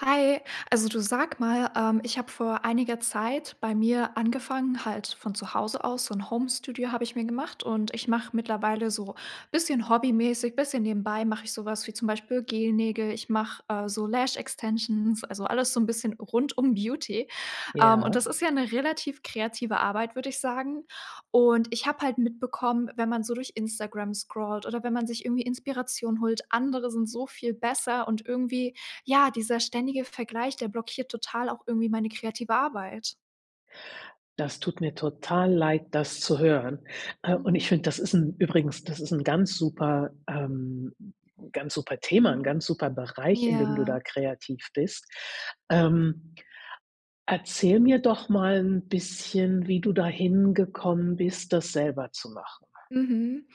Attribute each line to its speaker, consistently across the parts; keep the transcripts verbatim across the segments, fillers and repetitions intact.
Speaker 1: Hi. Also, du sag mal, ähm, ich habe vor einiger Zeit bei mir angefangen, halt von zu Hause aus so 'n Homestudio habe ich mir gemacht und ich mache mittlerweile so bisschen hobbymäßig, bisschen nebenbei, mache ich so was wie zum Beispiel Gel-Nägel. Ich mache äh, so Lash-Extensions, also alles so 'n bisschen rund um Beauty. Ähm, und
Speaker 2: Ja.
Speaker 1: das ist ja 'ne relativ kreative Arbeit, würde ich sagen. Und ich habe halt mitbekommen, wenn man so durch Instagram scrollt oder wenn man sich irgendwie Inspiration holt, andere sind so viel besser und irgendwie, ja, dieser ständige Vergleich, der blockiert total auch irgendwie meine kreative Arbeit.
Speaker 2: Das tut mir total leid, das zu hören. Äh, und ich
Speaker 1: Mhm.
Speaker 2: finde, das ist 'n übrigens, das ist 'n ganz super ähm, ganz super Thema, 'n ganz super Bereich, in dem du
Speaker 1: Ja.
Speaker 2: da kreativ bist. Ähm, erzähl mir doch mal 'n bisschen, wie du da hingekommen bist, das selber zu machen.
Speaker 1: Mhm.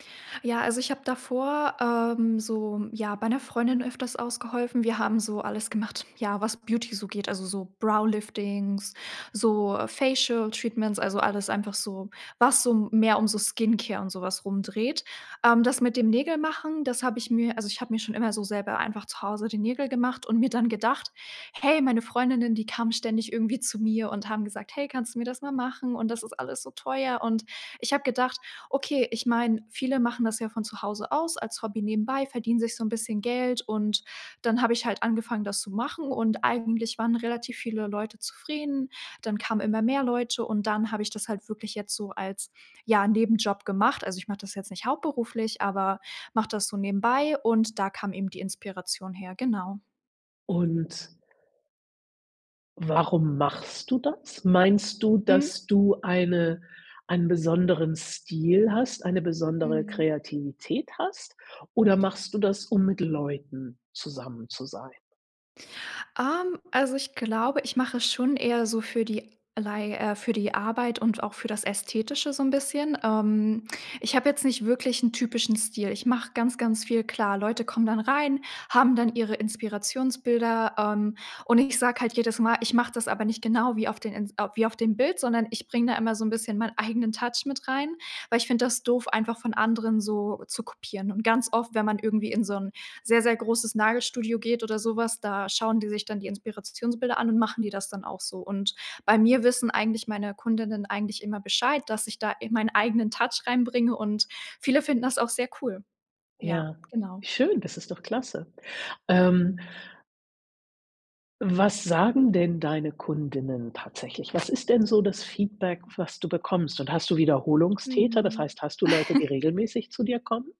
Speaker 1: Ja, also ich habe davor, ähm, so, ja, bei 'ner Freundin öfters ausgeholfen. Wir haben so alles gemacht, ja, was Beauty so geht, also so Brow-Liftings, so Facial-Treatments, also alles einfach so, was so mehr um so Skincare und sowas rum dreht. Ähm, das mit dem Nägel-Machen, das habe ich mir also ich habe mir schon immer so selber einfach zu Hause die Nägel gemacht und mir dann gedacht: „Hey, meine Freundinnen, die kamen ständig irgendwie zu mir und haben gesagt: ‚Hey, kannst du mir das mal machen und das ist alles so teuer.’“ Und ich habe gedacht: „Okay, ich meine, viele machen das ja von zu Hause aus als Hobby nebenbei, verdienen sich so 'n bisschen Geld“, und dann habe ich halt angefangen, das zu machen, und eigentlich waren relativ viele Leute zufrieden. Dann kamen immer mehr Leute und dann habe ich das halt wirklich jetzt so als, ja, Nebenjob gemacht. Also, ich mache das jetzt nicht hauptberuflich, aber mache das so nebenbei und da kam eben die Inspiration her, genau.
Speaker 2: Und warum machst du das? Meinst du,
Speaker 1: Mhm.
Speaker 2: dass du eine einen besonderen Stil hast, eine besondere
Speaker 1: Mhm.
Speaker 2: Kreativität hast oder machst du das, um mit Leuten zusammen zu sein?
Speaker 1: Ähm, also, ich glaube, ich mache schon eher so für die Lei äh, für die Arbeit und auch für das Ästhetische so 'n bisschen. Ähm, ich habe jetzt nicht wirklich 'n typischen Stil. Ich mache ganz, ganz viel. Klar, Leute kommen dann rein, haben dann ihre Inspirationsbilder, ähm, und ich sage halt jedes Mal, ich mache das aber nicht genau wie auf den Ins wie auf dem Bild, sondern ich bringe da immer so 'n bisschen meinen eigenen Touch mit rein, weil ich finde das doof, einfach von anderen so zu kopieren und ganz oft, wenn man irgendwie in so 'n sehr, sehr großes Nagelstudio geht oder so was, da schauen die sich dann die Inspirationsbilder an und machen die das dann auch so und bei mir wissen eigentlich meine Kundinnen eigentlich immer Bescheid, dass ich da in meinen eigenen Touch reinbringe und viele finden das auch sehr cool. Ja,
Speaker 2: Ja,
Speaker 1: genau.
Speaker 2: schön, das ist doch klasse. Ähm Was sagen denn deine Kundinnen tatsächlich? Was ist denn so das Feedback, was du bekommst? Und hast du Wiederholungstäter? Das
Speaker 1: Mhm.
Speaker 2: heißt, hast du Leute, die regelmäßig zu dir kommen?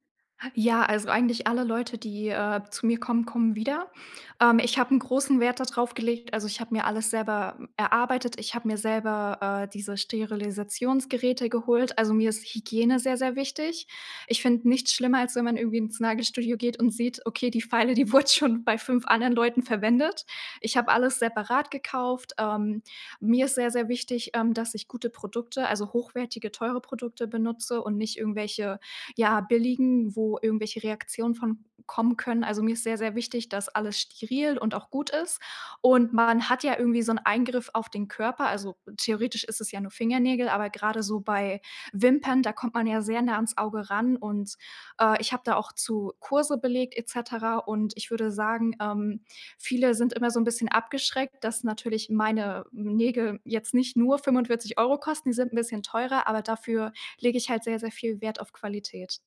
Speaker 1: Ja, also, eigentlich alle Leute, die, äh, zu mir kommen, kommen wieder. Ähm, ich habe 'n großen Wert dadrauf gelegt also, ich habe mir alles selber, m erarbeitet. Ich habe mir selber, äh, diese, Sterilisationsgeräte geholt. Also, mir ist Hygiene sehr sehr wichtig. Ich finde nichts schlimmer, als wenn man irgendwie ins Nagelstudio geht und sieht: „Okay, die Feile, die wurde schon bei fünf anderen Leuten verwendet.“ Ich habe alles separat gekauft. Ähm, mir ist sehr, sehr wichtig, ähm, dass ich gute Produkte, also hochwertige, teure Produkte benutze und nicht irgendwelche, ja, billigen, wo irgendwelche Reaktionen von kommen können. Also, mir ist sehr, sehr wichtig, dass alles steril und auch gut ist und man hat ja irgendwie so 'n Eingriff auf den Körper. Also, theoretisch ist es ja nur Fingernägel, aber gerade so bei Wimpern, da kommt man ja sehr nah ans Auge ran und, äh, ich habe da auch zu Kurse belegt et cetera und ich würde sagen, ähm, viele sind immer so 'n bisschen abgeschreckt, dass natürlich meine Nägel jetzt nicht nur fünfundvierzig Euro kosten, die sind 'n bisschen teurer, aber dafür lege ich halt sehr sehr viel Wert auf Qualität.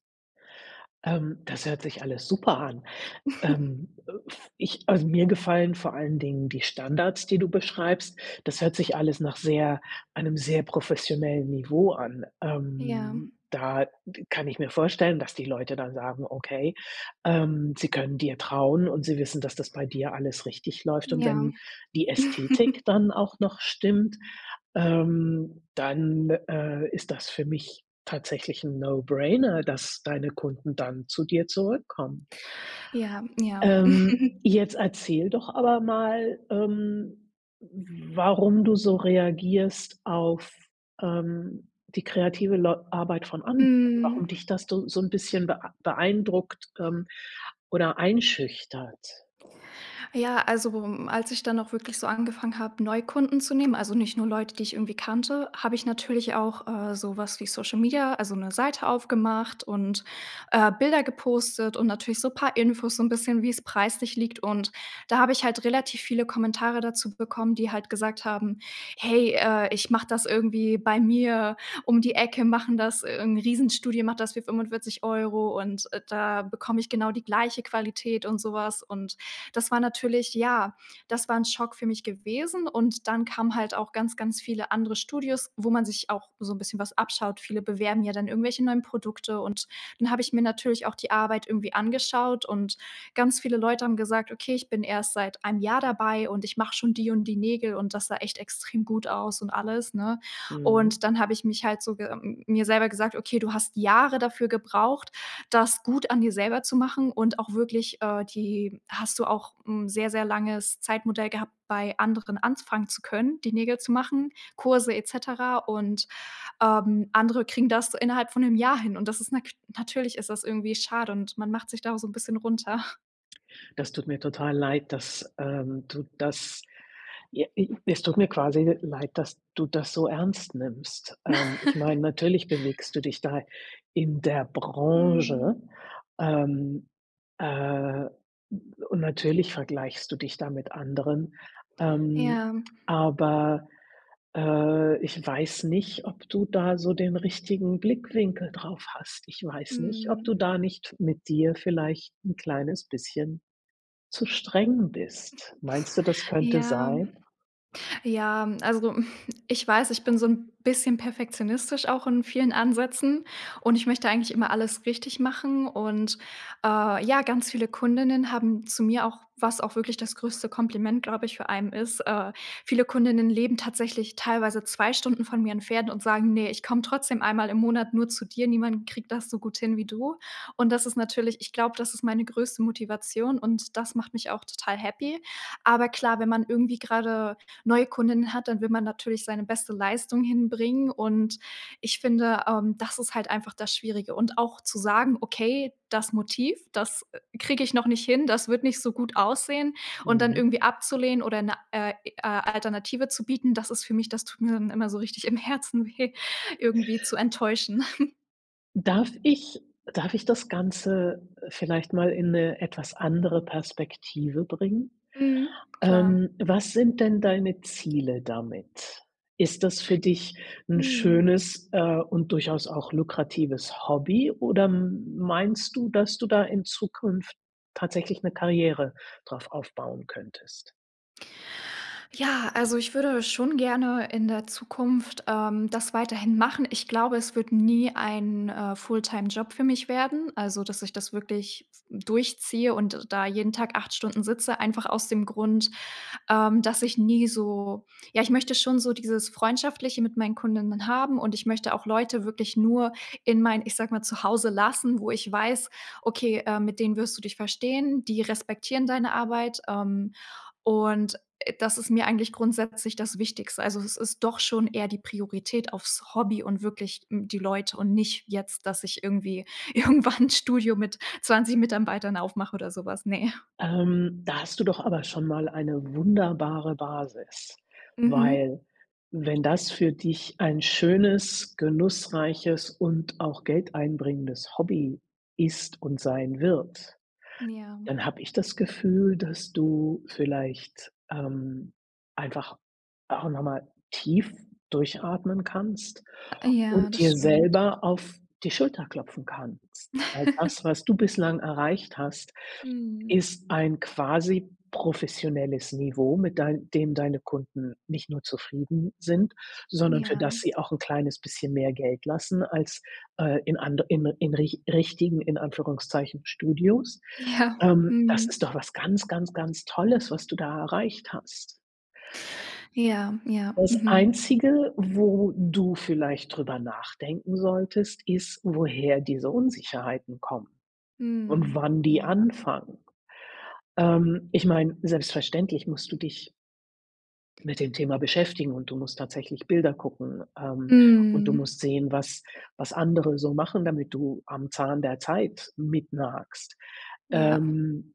Speaker 2: Ähm, das hört sich alles super an. Ähm, äh, v ich also, mir gefallen vor allen Dingen die Standards, die du beschreibst. Das hört sich alles nach sehr einem sehr professionellen Niveau an.
Speaker 1: Ja.
Speaker 2: Ähm, da kann ich mir vorstellen, dass die Leute dann sagen: „Okay“, ähm, sie können dir trauen und sie wissen, dass das bei dir alles richtig läuft und
Speaker 1: Ja.
Speaker 2: wenn die Ästhetik dann auch noch stimmt, ähm, dann, äh, ist das für mich tatsächlich 'n No-Brainer, dass deine Kunden dann zu dir zurückkommen.
Speaker 1: Ja, ja.
Speaker 2: Ähm, jetzt erzähl doch aber mal, ähm, warum du so reagierst auf, ähm, die kreative Leu Arbeit von anderen, warum
Speaker 1: Mhm.
Speaker 2: dich das so so 'n bisschen beei beeindruckt, ähm, oder einschüchtert?
Speaker 1: Ja, also, worum als ich dann auch wirklich so angefangen habe, Neukunden zu nehmen also, nicht nur Leute, die ich irgendwie kannte, habe ich natürlich auch, äh, sowas wie Social Media also, 'ne Seite aufgemacht und, äh, Bilder gepostet und natürlich so paar Infos, so 'n bisschen, wie es preislich liegt und da habe ich halt relativ viele Kommentare dazu bekommen, die halt gesagt haben: „Hey, äh, ich mache das irgendwie bei mir um die Ecke machen das irgend 'n riesen Studio macht das für fünfundvierzig Euro und, äh, da bekomme ich genau die gleiche Qualität.“ Und so was. Und das war natürlich ja, das war 'n Schock für mich gewesen und dann kamen halt auch ganz, ganz viele andere Studios, wo man sich auch so 'n bisschen was abschaut. Viele bewerben ja dann irgendwelche neuen Produkte und dann habe ich mir natürlich auch die Arbeit irgendwie angeschaut und ganz viele Leute haben gesagt: „Okay, ich bin erst seit einem Jahr dabei und ich mache schon die und die Nägel und das sah echt extrem gut aus.“ Und alles, ne?
Speaker 2: Mhm.
Speaker 1: Und dann habe ich mich halt so ge mir selber gesagt: „Okay, du hast Jahre dafür gebraucht, das gut an dir selber zu machen und auch wirklich, äh die hast du auch 'n sehr, sehr langes Zeitmodell gehabt, bei anderen anfangen zu können, die Nägel zu machen, Kurse et cetera und, ähm, andere kriegen das innerhalb von 'nem Jahr hin.“ Und das ist na natürlich ist das irgendwie schade und man macht sich da auch so 'n bisschen runter.
Speaker 2: Das tut mir total leid, dass, ähm, du das ja, e es tut mir quasi leid, dass du das so ernst nimmst. Ähm, ich meine, natürlich bewegst du dich da in der
Speaker 1: Mhm.
Speaker 2: Branche, ähm, äh, und natürlich vergleichst du dich da mit anderen, ähm,
Speaker 1: Ja.
Speaker 2: aber äh, ich weiß nicht, ob du da so den richtigen Blickwinkel drauf hast. Ich weiß nicht, ob
Speaker 1: Mhm.
Speaker 2: du da nicht mit dir vielleicht 'n kleines bisschen zu streng bist. Meinst du, das könnte
Speaker 1: Ja.
Speaker 2: sein?
Speaker 1: Ja, also mhm, ich weiß ich bin so 'n bisschen perfektionistisch auch in vielen Ansätzen und ich möchte eigentlich immer alles richtig machen und, äh, ja, ganz viele Kundinnen haben zu mir auch was auch wirklich das größte Kompliment glaube ich für einen ist, äh viele Kundinnen leben tatsächlich teilweise zwei Stunden von mir entfernt und sagen: „Ne, ich komme trotzdem einmal im Monat nur zu dir, niemand kriegt das so gut hin wie du.“ Und das ist natürlich ich glaube, das ist meine größte Motivation und das macht mich auch total happy. Aber klar, wenn man irgendwie gerade neue Kundinnen hat, dann will man natürlich seine beste Leistung hinbringen und ich finde, ähm, das ist halt einfach das Schwierige und auch zu sagen: „Okay, das Motiv, das, äh, kriege ich noch nicht hin, das wird nicht so gut aussehen.“ Und dann
Speaker 2: Mhm.
Speaker 1: irgendwie abzulehnen oder 'ne, äh äh, Alternative zu bieten, das ist für mich das tut mir dann immer so richtig im Herzen weh, irgendwie zu enttäuschen.
Speaker 2: Darf ich darf ich das Ganze, äh, vielleicht mal in 'ne etwas andere Perspektive bringen?
Speaker 1: Mhm. Klar.
Speaker 2: Ähm, was sind denn deine Ziele damit? Ist das für dich 'n
Speaker 1: Mhm.
Speaker 2: schönes, äh, und durchaus auch lukratives Hobby oder m meinst du, dass du da in Zukunft tatsächlich 'ne Karriere drauf aufbauen könntest?
Speaker 1: Ja, also, ich würde schon gerne in der Zukunft, ähm, das weiterhin machen. Ich glaube, es wird nie ein, äh, Fulltime-Job für mich werden. Also, dass ich das wirklich durchziehe und da jeden Tag acht Stunden sitze. Einfach aus dem Grund, ähm, dass ich nie so ja, ich möchte schon so dieses Freundschaftliche mit meinen Kundinnen haben und ich möchte auch Leute wirklich nur in mein, ich sage mal, Zuhause lassen, wo ich weiß: „Okay, äh, mit denen wirst du dich verstehen, die respektieren deine Arbeit, ähm“, und, äh, das ist mir eigentlich grundsätzlich das Wichtigste. Also, es ist doch schon eher die Priorität aufs Hobby und wirklich n die Leute und nicht jetzt, dass ich irgendwie irgendwann 'n Studio mit zwanzig Mitambeitern aufmache oder sowas, ne.
Speaker 2: Ähm, da hast du doch aber schon mal eine wunderbare Basis,
Speaker 1: Mhm.
Speaker 2: weil, wenn das für dich ein schönes, genussreiches und auch geldeinbringendes Hobby ist und sein wird,
Speaker 1: Ja.
Speaker 2: dann habe ich das Gefühl, dass du vielleicht, ähm, einfach auch noch mal tief durchatmen kannst
Speaker 1: Ja,
Speaker 2: und
Speaker 1: das
Speaker 2: dir
Speaker 1: stimmt.
Speaker 2: selber auf die Schulter klopfen kannst. All das, was du bislang erreicht hast,
Speaker 1: Mhm.
Speaker 2: ist ein quasi professionelles Niveau, mit dein dem deine Kunden nicht nur zufrieden sind, sondern für
Speaker 1: Ja.
Speaker 2: das sie auch 'n kleines bisschen mehr Geld lassen als, äh, in and in in rich richtigen, in Anführungszeichen, Studios,
Speaker 1: Ja.
Speaker 2: ähm. Das ist
Speaker 1: Mhm.
Speaker 2: doch was ganz, ganz, ganz Tolles, was du da erreicht hast.
Speaker 1: Ja. Ja.
Speaker 2: Das
Speaker 1: Mhm.
Speaker 2: Einzige, wo du vielleicht drüber nachdenken solltest, ist, woher diese Unsicherheiten kommen und
Speaker 1: Mhm.
Speaker 2: wann die
Speaker 1: Ja.
Speaker 2: anfangen. Ähm, ich meine, selbstverständlich musst du dich mit dem Thema beschäftigen und du musst tatsächlich Bilder gucken, ähm, und du
Speaker 1: Mhm.
Speaker 2: musst sehen, was was andere so machen, damit du am Zahn der Zeit mit nagst,
Speaker 1: Ja.
Speaker 2: ähm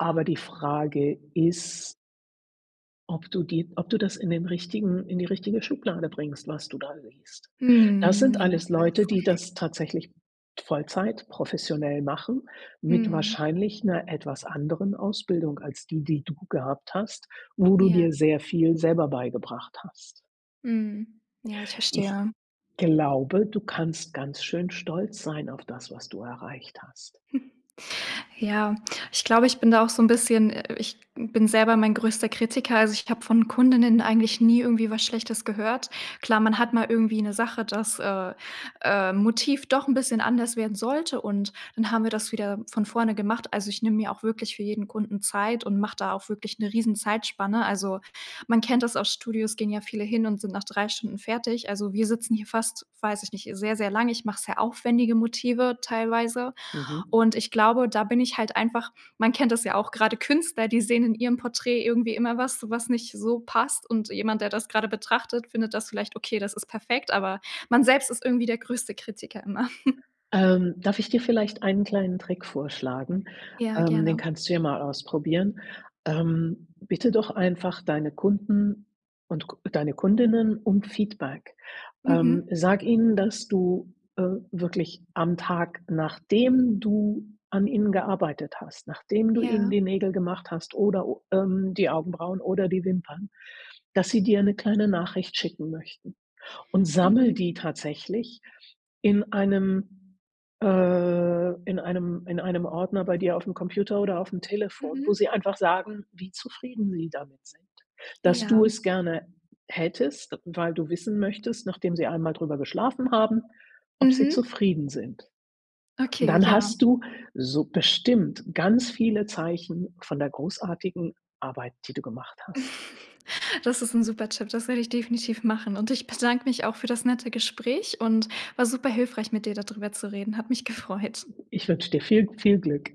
Speaker 2: Aber die Frage ist ob du die ob du das in den richtigen in die richtige Schublade bringst, was du da liest. Das
Speaker 1: Mhm,
Speaker 2: sind
Speaker 1: ja,
Speaker 2: alles
Speaker 1: ich
Speaker 2: Leute, die
Speaker 1: weiß.
Speaker 2: das tatsächlich Vollzeit professionell machen mit
Speaker 1: Mhm.
Speaker 2: wahrscheinlich 'ner etwas anderen Ausbildung als die, die du gehabt hast, wo du
Speaker 1: Ja.
Speaker 2: dir sehr viel selber beigebracht hast.
Speaker 1: Mhm, ja, ich
Speaker 2: Ich
Speaker 1: verstehe.
Speaker 2: glaube, du kannst ganz schön stolz sein auf das, was du erreicht hast.
Speaker 1: Ja, ich glaube, ich bin da auch so 'n bisschen äh, ich bin selber mein größter Kritiker, also, ich habe von Kundinnen eigentlich nie irgendwie was Schlechtes gehört. Klar, man hat mal irgendwie 'ne Sache, dass, äh, äh, Motiv doch 'n bisschen anders werden sollte und dann haben wir das wieder von vorne gemacht. Also, ich nehme mir auch wirklich für jeden Kunden Zeit und mache da auch wirklich 'ne riesen Zeitspanne. Also, man kennt das aus Studios, gehen ja viele hin und sind nach drei Stunden fertig. Also, wir sitzen hier fast weiß ich nicht, sehr sehr lang. Ich mache sehr aufwendige Motive teilweise
Speaker 2: Mhm.
Speaker 1: und ich glaube, da bin ich halt einfach man kennt das ja, auch gerade Künstler, die sehen in ihrem Porträt irgendwie immer was, was nicht so passt und jemand, der das gerade betrachtet, findet das vielleicht okay, das ist perfekt, aber man selbst ist irgendwie der größte Kritiker immer.
Speaker 2: Ähm, darf ich dir vielleicht einen kleinen Trick vorschlagen?
Speaker 1: Ja,
Speaker 2: Ähm, den
Speaker 1: gerne.
Speaker 2: kannst du ja mal ausprobieren. Ähm, bitte doch einfach deine Kunden und k deine Kundinnen um Feedback.
Speaker 1: Mhm.
Speaker 2: Ähm, sag ihnen, dass du, äh wirklich am Tag, nachdem du an ihnen gearbeitet hast, nachdem du ihnen
Speaker 1: Ja.
Speaker 2: die Nägel gemacht hast oder, ähm, die Augenbrauen oder die Wimpern, dass sie dir 'ne kleine Nachricht schicken möchten. Und sammle
Speaker 1: Mhm.
Speaker 2: die tatsächlich in einem, äh in einem in einem Ordner bei dir aufm Computer oder aufm Telefon, wo
Speaker 1: Mhm.
Speaker 2: sie einfach sagen, wie zufrieden sie damit sind. Dass du
Speaker 1: Ja.
Speaker 2: es gerne hättest, weil du wissen möchtest, nachdem sie einmal drüber geschlafen haben, ob sie
Speaker 1: Mhm.
Speaker 2: zufrieden sind. Und
Speaker 1: Okay,
Speaker 2: dann
Speaker 1: ja.
Speaker 2: hast du so bestimmt ganz viele Zeichen von der großartigen Arbeit, die du gemacht hast.
Speaker 1: Das ist 'n super Tipp, das werde ich definitiv machen und ich bedanke mich auch für das nette Gespräch und war super hilfreich, mit dir da drüber zu reden. Hat mich gefreut.
Speaker 2: Ich wünsche dir viel, viel Glück.